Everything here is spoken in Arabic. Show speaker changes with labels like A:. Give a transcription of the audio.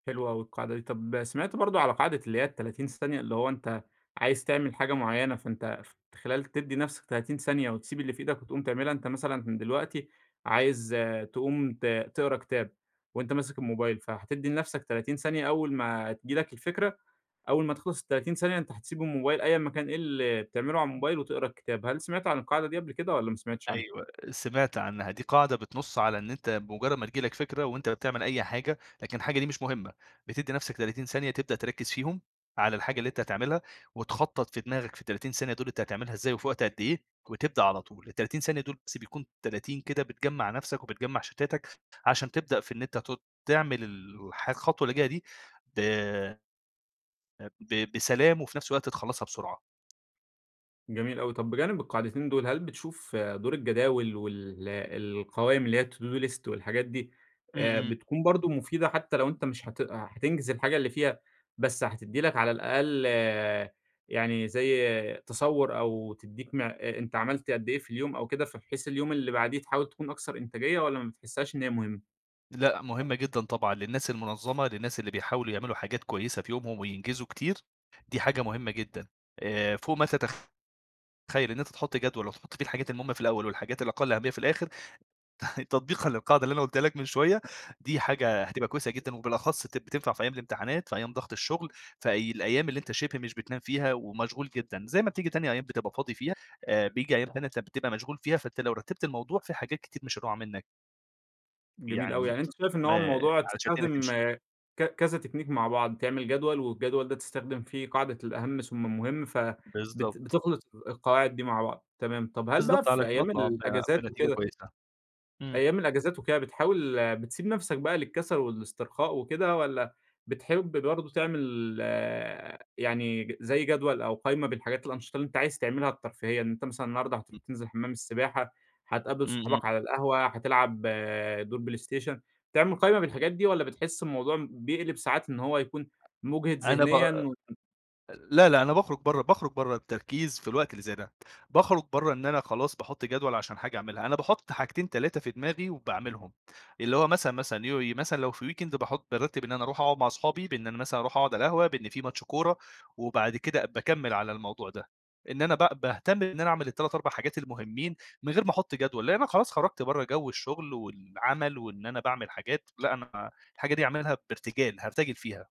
A: حلوة أوي القاعدة دي. طب سمعت برضو على قاعدة اللي هي ال30 ثانية؟ اللي هو أنت عايز تعمل حاجة معيّنة، فأنت ف فخلال تدّي نفسك 30 ثانية، وتسيب اللي في إيدك وتقوم تعملها. أنت مثلًا دلوقتي عايز تقوم ت تقرا كتاب، وأنت ماسك الموبايل، فهتدي لنفسك 30 ثانية. أول ما تيجي لك الفكرة، أول ما تخلص ال30 ثانية، أنت هتسيب الموبايل، أيًّا ما كان إيه اللي بتعمله على الموبايل، وتقرا الكتاب. هل سمعت عن القاعدة دي قبل كده، والّا ما سمعتش عنّها؟
B: أيوه، سمعت عنّها. دي قاعدة بتنصّ على إن أنت بمجرد ما تيجي لك فكرة وأنت بتعمل أي حاجة، لكن الحاجة دي مش مهمّة، بتدي نفسك 30 ثانية، تبدأ تركز فيهم على الحاجة اللي أنت هتعملها، وتخطّط في دماغك في ال30 ثانية دول أنت هتعملها إزاي، وفي وقت قد إيه، وتبدأ على طول. ال30 ثانية دول، بس بيكون 30 كده بتجمع نفسك وبتجمع شتاتك، عشان تبدأ في إن أنت تت تعمل الح الخطوة اللي جاية دي، آآ ب ب بسلام، وفي نفس الوقت تخلصها بسرعة.
A: جميل أوي. طب، بجانب القاعدتين دول، هل بتشوف دور الجداول وال القوايم اللي هي To-Do List والحاجات دي
B: إمم،
A: آآ،
B: إمم.
A: بتكون برضو مفيدة؟ حتى لو أنت مش هتأ هتنجز الحاجة اللي فيها، بس هتدّي لك على الأقل يعني زيّ تصور، أو تديك م أنت عملت قدّ إيه في اليوم أو كده، فبحيث اليوم اللي بعديه تحاول تكون أكثر إنتاجية، والّا ما بتحسّهاش إن هي مهمّة؟
B: لأ، مهمّة جدًا طبعًا للناس المنظمة، للناس اللي بيحاولوا يعملوا حاجات كويسة في يومهم وينجزوا كتير. دي حاجة مهمّة جدًا، آآ، فوق ما تتخ تخيّل. إن أنت تحط جدول، وتحط فيه الحاجات المهمّة في الأول، والحاجات الأقل أهمية في الآخر، تطبيقًا للقاعدة اللي أنا قولتها لك من شويّة. دي حاجة هتبقى كويسة جدًا، وبالأخص بت بتنفع في أيام الامتحانات، في أيام ضغط الشغل، فأي الأيام اللي أنت شبه مش بتنام فيها ومشغول جدًا. زي ما بتيجي تانية أيام بتبقى فاضي فيها، آآ، بييجي أيام تانية بتبقى مشغول فيها، فأنت لو رتّبت الموضوع في حاجات كتير مش هتقع منّك.
A: جميل أوي،
B: يعني،
A: يعني أنت شايف إن
B: ما
A: هو الموضوع
B: علشان الدنيا
A: تستخدم
B: تمشي.
A: ك كذا تكنيك مع بعض: تعمل جدول، والجدول ده تستخدم فيه قاعدة الأهم ثم المهم، ف بت
B: بالضبط.
A: بتخلط ال القواعد دي مع بعض. تمام، طب هل بقى
B: بالضبط،
A: في
B: علشان
A: أيام
B: اطلع ب
A: الأجازات
B: بنتيجة
A: وكده
B: كويسة. إمم.
A: أيام الأجازات وكده، بتحاول بتسيب نفسك بقى للكسل والاسترخاء وكده، والّا بتحب برضو تعمل يعني زي جدول أو قايمة بالحاجات الأنشطة اللي أنت عايز تعملها الترفيهية؟ إن أنت مثلًا النهارده هتروح
B: إم
A: تنزل حمّام السباحة، هتقابل
B: إمم، إمم.
A: صحابك على القهوة، هتلعب دور بلايستيشن. بتعمل قايمة بالحاجات دي، والّا بتحس الموضوع بيقلب ساعات إن هو يكون مُجهد
B: أنا ب
A: ذهنيًا و
B: لأ، لأ، أنا باخرج برّه باخرج برّه التركيز في الوقت اللي زي ده. باخرج بره إن أنا خلاص باحط جدول عشان حاجة أعملها. أنا باحط حاجتين، 3 في دماغي وباعملهم. اللي هو مثلًا، مثلًا اللي هو إيه، مثلًا لو في weekend باحط بارتب إن أنا أروح أقعد مع أصحابي، بإن أنا مثلًا أروح أقعد على القهوة، بإن في ماتش كورة، وبعد كده باكمّل على الموضوع ده، إن أنا ب باهتم إن أنا أعمل ال3، 4 حاجات المُهمين من غير ما أحط جدول، لأن أنا خلاص خرجت برّه جو الشغل والعمل، وإن أنا باعمل حاجات. لأ، أنا الحاجة دي أعملها بارتجال، هارتجل فيها.